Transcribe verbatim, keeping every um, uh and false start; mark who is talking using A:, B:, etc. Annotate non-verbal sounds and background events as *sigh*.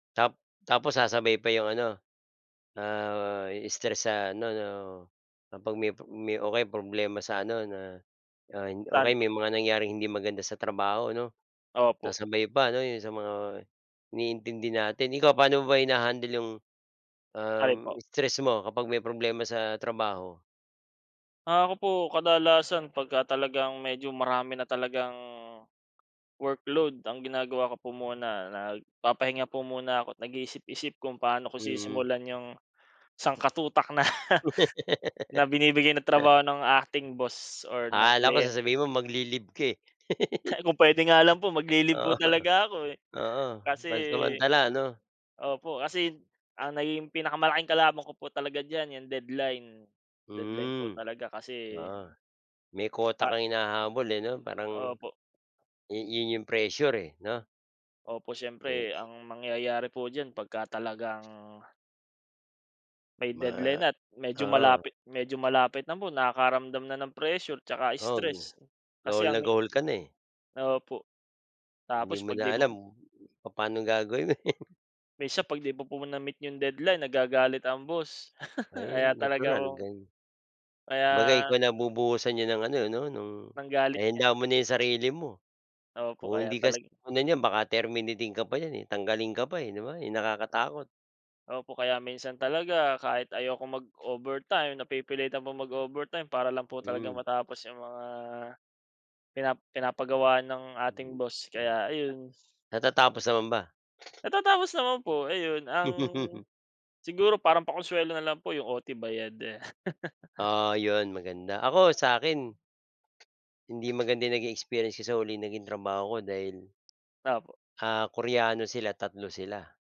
A: Ta tapos sasabay pa 'yong ano, ah, stress sa ano 'no, kapag may may o kaya problema sa ano na na o
B: Saan
A: kaya
B: po?
A: may mga nangyaring hindi maganda sa trabaho ano.
B: Opo.
A: Sasabay pa 'no 'yong sa mga iniintindi natin. Ikaw paano mo ba hina-handle 'yong, um,
B: Alin po?
A: stress mo kapag may problema sa trabaho?
B: Ah ako po, kadalasan pagka talagang medyo marami na talagang, workload ang ginagawa ko po muna nagpapahinga po muna ako, nag-iisip-isip kung paano ko
A: Mm.
B: sisimulan 'yang sangkutak na na binibigay ng
A: *laughs*
B: trabaho ng acting boss or ng
A: Akala ko
B: kliyente.
A: sasabihin mo mag-le-leave ka eh. *laughs*
B: Kung puwede nga lang po, magle-leave
A: Oo.
B: po talaga ako eh.
A: Oo.
B: Kasi
A: Pansamantala ano.
B: opo, kasi ang naging pinakamalaking kalaban ko po talaga diyan, 'yang deadline deadline po
A: Mm.
B: talaga kasi.
A: Oo. May quota
B: Ah.
A: kang hinahabol eh 'no. Parang,
B: Opo.
A: 'yun 'yung pressure eh 'no.
B: Opo, siyempre
A: *unintelligible*
B: ang mangyayari po diyan pagka talagang May
A: Ma
B: deadline at medyo
A: oo.
B: malapit medyo malapit na po, nakakaramdam na ng pressure 'tsaka
A: Oo nga,
B: stress, kasi
A: gahol na
B: ang
A: gahol ka na eh.
B: Opo.
A: Hindi
B: Tapos
A: mo
B: 'pag
A: na
B: 'di mo
A: alam, papaanong gagawin mo eh.
B: Minsan 'pag 'di mo po na-meet 'yung deadline, nagagalit ang boss. *chuckles*
A: Ay
B: Kaya talaga
A: natural
B: po
A: gan
B: kaya
A: kumbaga ikaw na bubuhusan niya ng ano 'no ng
B: Ng galit
A: kaya
B: niya.
A: ihanda mo na 'yong sarili mo.
B: Opo,
A: Kung
B: kaya
A: hindi kasi
B: talaga
A: *unintelligible* niyan baka terminating ka pa niyan eh, tanggalin ka pa eh 'di ba, 'yun nakakatakot.
B: Opo, kaya minsan talaga kahit ayokong mag-overtime napipilitan pong mag-overtime para lang po talaga
A: Mm.
B: matapos 'yung mga, pina pinapagawa ng ating
A: Mm.
B: boss, kaya ayun.
A: Natatapos naman ba?
B: Natatapos naman po. Ayun ang
A: *laughs*
B: siguro parang pa-konsuwelo na lang po, 'yung O-T bayad, ah. *chuckles*
A: Oo 'yun maganda. Ako, sa'kin Hindi maganda naging experience ko sa huli kong naging trabaho ko, dahil.
B: Opo.
A: Ah, Koreano sila, tatlo sila.